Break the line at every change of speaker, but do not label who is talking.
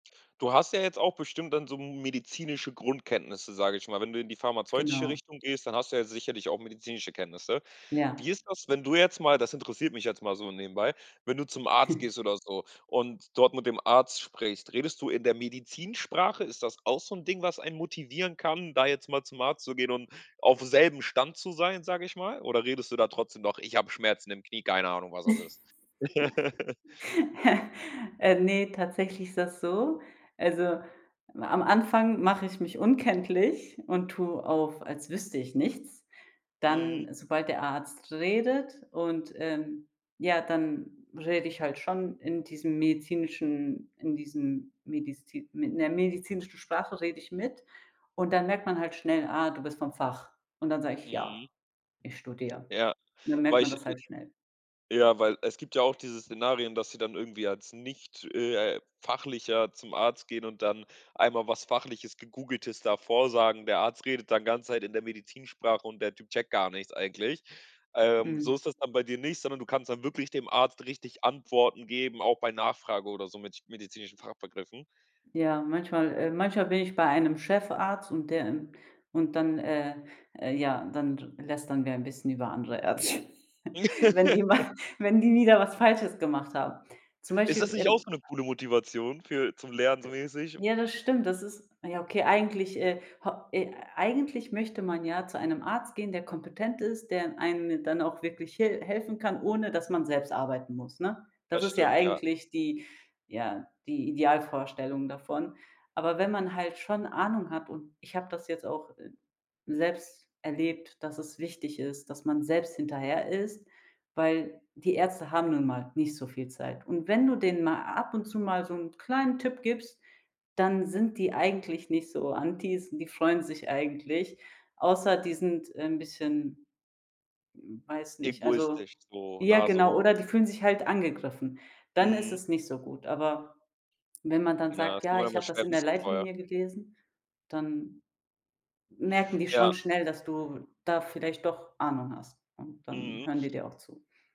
Du hast ja jetzt auch bestimmt dann so m medizinische Grundkenntnisse, sage ich mal, wenn du in die pharmazeutische
Genau.
Richtung gehst. Dann hast du ja sicherlich auch medizinische Kenntnisse. Wie
Ja.
ist das, wenn du jetzt mal- das interessiert mich jetzt mal so nebenbei- wenn du zum Arzt gehst oder so und dort mit dem Arzt sprichst? Redest du in der Medizinsprache? Ist das auch so 'n Ding, was einen motivieren kann, da jetzt mal zum Arzt zu gehen und auf selbem Stand zu sein, sage ich mal? Oder redest du da trotzdem noch: „Ich hab Schmerzen im Knie, keine Ahnung, was das ist“?
Äh, ne, tatsächlich ist das so: Also, am am Anfang mache ich mich unkenntlich und tue auf, als wüsste ich nichts.
Mhm.
Dann sobald der Arzt redet und, ähm, ja, dann rede ich halt schon in diesem medizinischen in diesem medizin in der medizinischen Sprache rede ich mit. Und dann merkt man halt schnell: „Ah, du bist vom Fach.“ Und dann sage ich: „Ja,
Mhm.
ich studiere.“
Ja,
Und dann merkt
weil
man
ich
das halt schnell.
ja, weil es gibt ja auch diese Szenarien, dass sie dann irgendwie als nicht, äh, Fachlicher zum Arzt gehen und dann einmal was Fachliches, Gegoogeltes da vorsagen. Der Arzt redet dann ganz Zeit in der Medizinsprache und der Typ checkt gar nichts eigentlich. Ähm,
Mhm.
so ist das dann bei dir nicht, sondern du kannst dann wirklich dem Arzt richtig Antworten geben, auch bei Nachfrage oder so mit medizinischen Fachbegriffen.
Ja, manchmal äh, manchmal bin ich bei einem Chefarzt und der, ähm und dann, äh äh, ja, dann r lästern wir ein bisschen über andere Ärzte, wenn die mal wenn die wieder was Falsches gemacht haben. Zum
Ist das
Beispiel,
nicht auch
ähm
so 'ne coole Motivation für zum Lernen so mäßig?
Ja, das stimmt, das ist ja, okay, eigentlich, äh, ho äh, eigentlich möchte man ja zu einem Arzt gehen, der kompetent ist, der in einem dann auch wirklich hil helfen kann, ohne dass man selbst arbeiten muss, ne? Das
Das
ist ja
stimm, ja.
eigentlich die ja, die Idealvorstellung davon. Aber wenn man halt schon Ahnung hat, und ich habe das jetzt auch, äh, selbst erlebt, dass es wichtig ist, dass man selbst hinterher ist, weil: Die Ärzte haben nun mal nicht so viel Zeit. Und wenn du denen mal ab und zu mal so 'n kleinen Tipp gibst, dann sind die eigentlich nicht so Antis, die freuen sich eigentlich, außer die sind, äh, 'n bisschen weiß nicht, also,
Egoistisch, so
ja,
Nase
genau,
hoch.
oder die fühlen sich halt angegriffen. Dann ist
Mhm.
es nicht so gut. Aber wenn man dann
Ja,
sagt:
das kann
„Ja,
man
ich
immer
hab das
schwer
in der
wissen vorher.
Leitlinie gelesen“, dann merken die
Ja.
schon schnell, dass du da vielleicht doch Ahnung hast. Und dann
Mhm.
hören die dir auch zu.